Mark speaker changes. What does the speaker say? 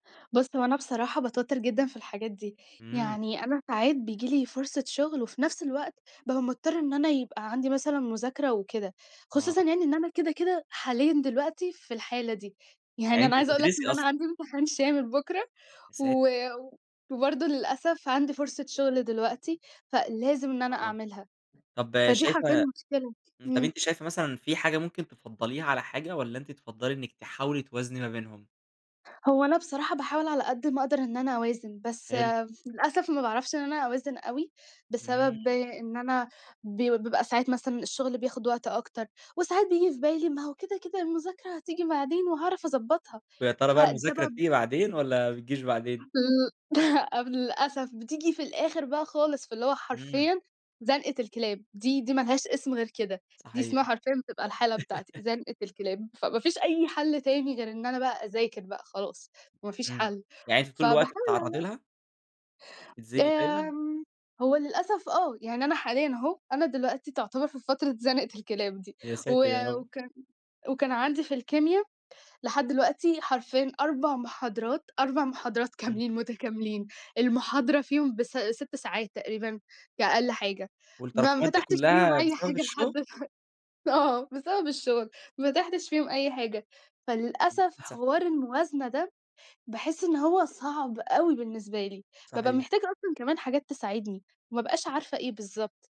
Speaker 1: بُص، هو أنا بصراحة باتوتّر جدًا في الحاجات دي،
Speaker 2: إمم.
Speaker 1: يعني أنا ساعات بييجي لي فرصة شغْل، وفي نفْس الوقت بابقى مضطرة إن أنا يبقى عندي مثلًا مذاكرة وكده، خصوصًا
Speaker 2: آه.
Speaker 1: يعني إن أنا كده، كده حاليًا دلوقتي في الحالة دي.
Speaker 2: يعني
Speaker 1: يعني أنا
Speaker 2: أنتِ
Speaker 1: عايزة أقول لك
Speaker 2: هتدرسي
Speaker 1: إن أنا
Speaker 2: أصلًا.
Speaker 1: عندي امتحان شامل بُكرة
Speaker 2: يا
Speaker 1: و
Speaker 2: ساتر!
Speaker 1: وبرضه للأسف عندي فرصة شغْل دلوقتي، فلازم إن أنا
Speaker 2: آه.
Speaker 1: أعملها.
Speaker 2: طَب
Speaker 1: فدي حرفيًأ
Speaker 2: شايفة
Speaker 1: مشكلة.
Speaker 2: امم، طَب
Speaker 1: امم.
Speaker 2: أنتِ شايفة مثلًا في حاجة ممكن تفضّليها على حاجة، والّا أنتِ تفضّلي إنِك تحاولي توازني ما بينهم؟
Speaker 1: هو أنا بصراحة باحاول على قد ما أقدر إن أنا أوازن، بس
Speaker 2: حلو.
Speaker 1: للأسف ما باعرفش إن أنا أوازن أوي،
Speaker 2: إمم.
Speaker 1: بسبب إن أنا بي بيبقى ساعات مثلًا الشغل بياخد وقت أكتر، وساعات بييجي في بالي: "ما هو كده، كده المذاكرة هتيجي بعدين وهاعرف أضبّطها."
Speaker 2: وياترى بقى
Speaker 1: فده
Speaker 2: المذاكرة
Speaker 1: بب
Speaker 2: بتيجي بعدين، والّا ما بتْجيش بعدين؟
Speaker 1: ل لأ، للأسف بتيجي في الآخر بقى خالص، فاللي هو
Speaker 2: إمم.
Speaker 1: حرفيًا زنقة الكلاب، دي دي ما لهاش اسم غير كده، دي اسمها
Speaker 2: صحيح.
Speaker 1: حرفيًا بتبقى الحالة بتاعتي، زنقة الكلاب. فما فيش أي حَل تاني غير إن أنا بقى أذاكر بقى خلاص، ما فيش
Speaker 2: امم،
Speaker 1: حَل.
Speaker 2: يعني أنتِ طول
Speaker 1: فباحاول
Speaker 2: الوقت
Speaker 1: على
Speaker 2: بتتعرّضي
Speaker 1: قد
Speaker 2: لها؟ تتزنقى دايمًا؟
Speaker 1: آمم، هو للأسف آه، يعني أنا حاليًا أهه، أنا دلوقتي تعتبر في فترة زنقة الكلاب دي،
Speaker 2: يا
Speaker 1: و
Speaker 2: ساتر يارب!
Speaker 1: وكان وكان عندي في الكيميا لحد دلوقتي حرفيًا 4 محاضرات، 4 محاضرات
Speaker 2: امم.
Speaker 1: كاملين متكاملين، المحاضرة فيهم بس 6 ساعات تقريبًا كأقل حاجة، ما ما
Speaker 2: والتراكمات دي
Speaker 1: فتحْتش فيهم
Speaker 2: كلّها
Speaker 1: أي حاجة
Speaker 2: بسبب
Speaker 1: لحد
Speaker 2: الشغل؟
Speaker 1: دلوقت آه، بسبب الشغل، ما فتحْتش فيهم أي حاجة.
Speaker 2: [unintelligible]
Speaker 1: فللأسف
Speaker 2: للأسف.
Speaker 1: حوار الموازنة ده، باحسّ إن هو صعْب أوي بالنسبة لي، بابقى
Speaker 2: صحيح.
Speaker 1: محتاجة أصلًا كمان حاجات تساعدني، وما ابْقاش عارفة إيه بالضبط.